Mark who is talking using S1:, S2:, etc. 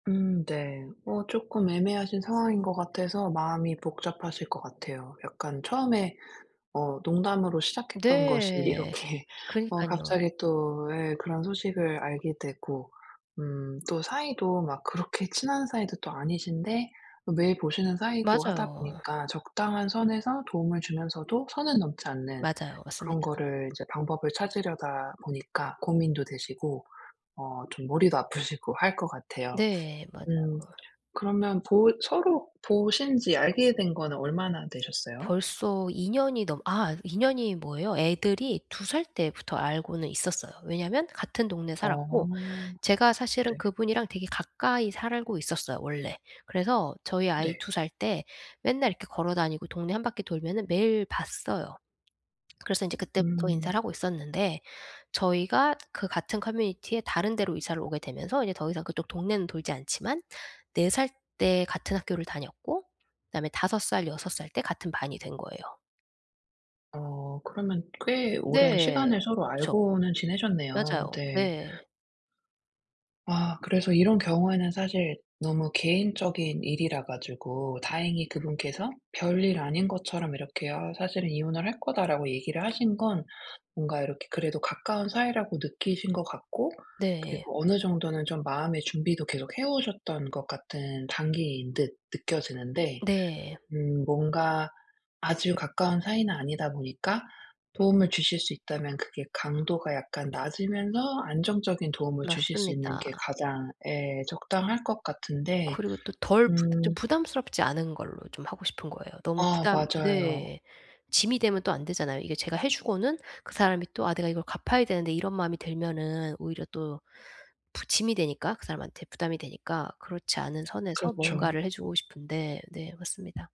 S1: 음. 네. 어 쪼끔 애매하신 상황인 것 같아서 마음이 복잡하실 것 같아요. 약간 처음에 어 농담으로 시작했던 것이
S2: 네.
S1: 이렇게 어
S2: 그니깐요.
S1: 갑자기 또 예 그런 소식을 알게 되고. 음. 또 사이도 막 그렇게 친한 사이도 또 아니신데 매일 보시는 사이고 하다
S2: 맞아요.
S1: 보니까 적당한 선에서 도움을 주면서도 선을 넘지 않는
S2: 맞아요. 맞습니다.
S1: 그런 거를 이제 방법을 찾으려다 보니까 고민도 되시고 어 좀 머리도 아프시고 할 것 같아요.
S2: 네. 맞아요.
S1: 음. 그러면 보 서로 보신 지 알게 된 거는 얼마나 되셨어요?
S2: 벌써 2 년이 넘어 아 2 년이 뭐예요. 애들이 2 살 때부터 알고는 있었어요. 왜냐하면 같은 동네에
S1: 어.
S2: 살았고 제가 사실은
S1: 네.
S2: 그분이랑 되게 가까이 살고 있었어요, 원래. 그래서 저희 아이
S1: 네.
S2: 2 살 때 맨날 이렇게 걸어 다니고 동네 1 바퀴 돌면은 매일 봤어요. 그래서 인제 그때부터
S1: 음.
S2: 인사를 하고 있었는데 저희가 그 같은 커뮤니티에 다른 데로 이사를 오게 되면서 이제 더 이상 그쪽 동네는 돌지 않지만 4 살 때 같은 학교를 다녔고 그다음에 5, 6 살 때 같은 반이 된 거예요.
S1: 어 그러면 꽤 오랜
S2: 네.
S1: 시간을 서로
S2: 그쵸.
S1: 알고는 지내셨네요.
S2: 맞아요.
S1: 네.
S2: 네.
S1: 아. 그래서 이런 경우에는 사실 너무 개인적인 일이라 가지고 다행히 그분께서 별일 아닌 것처럼 이렇게 "어 사실은 이혼을 할 거다."라고 얘기를 하신 건 뭔가 이렇게 그래도 가까운 사이라고 느끼신 것 같고
S2: 네.
S1: 그리고 어느 정도는 좀 마음의 준비도 계속 해 오셨던 것 같은 단계인 듯 느껴지는데
S2: 네.
S1: 음 뭔가 아주 가까운 사이는 아니다 보니까 도움을 주실 수 있다면 그게 강도가 약간 낮으면서 안정적인 도움을 주실 수 있는
S2: 맞습니다.
S1: 게 가장 예 적당할 것 같은데
S2: 그리고 또 덜 부 좀
S1: 음.
S2: 부담스럽지 않은 걸로 좀 하고 싶은 거예요. 너무
S1: 아
S2: 부담
S1: 맞아요.
S2: 네. 짐이 되면 또 안 되잖아요. 이게 제가 해 주고는 그 사람이 또 '아 내가 이걸 갚아야 되는데.' 이런 마음이 들면은 오히려 또 부 짐이 되니까 그 사람한테 부담이 되니까. 그렇지 않은 선에서
S1: 그렇죠.
S2: 뭔가를 해 주고 싶은데 네 맞습니다.